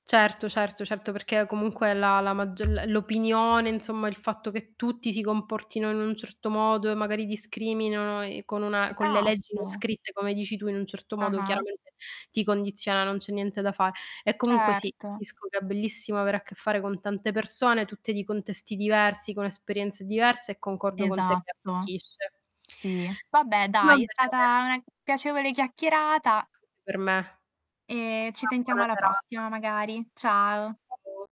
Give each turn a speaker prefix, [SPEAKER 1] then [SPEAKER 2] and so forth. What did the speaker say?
[SPEAKER 1] Certo, certo, certo perché comunque la la mag l l'opinione, insomma il fatto che tutti si comportino in un certo modo e magari discriminano e con una con le leggi non
[SPEAKER 2] Esatto!
[SPEAKER 1] scritte come dici tu in un certo modo
[SPEAKER 2] Ah-ah.
[SPEAKER 1] chiaramente ti condiziona, non c'è niente da fa e comunque sì,
[SPEAKER 2] Certo.
[SPEAKER 1] capisco che è bellissimo avere a che fare con tante persone, tutte di contesti diversi, con esperienze diverse e concordo con te che
[SPEAKER 2] Esatto,
[SPEAKER 1] arricchisce.
[SPEAKER 2] Sì. Vabbè
[SPEAKER 1] Va
[SPEAKER 2] dai, è stata
[SPEAKER 1] bene.
[SPEAKER 2] una piacevole chiacchierata
[SPEAKER 1] Anche per me.
[SPEAKER 2] e ci
[SPEAKER 1] Una
[SPEAKER 2] sentiamo
[SPEAKER 1] buona
[SPEAKER 2] alla
[SPEAKER 1] serata.
[SPEAKER 2] prossima magari. Ciao.
[SPEAKER 1] [unintelligible]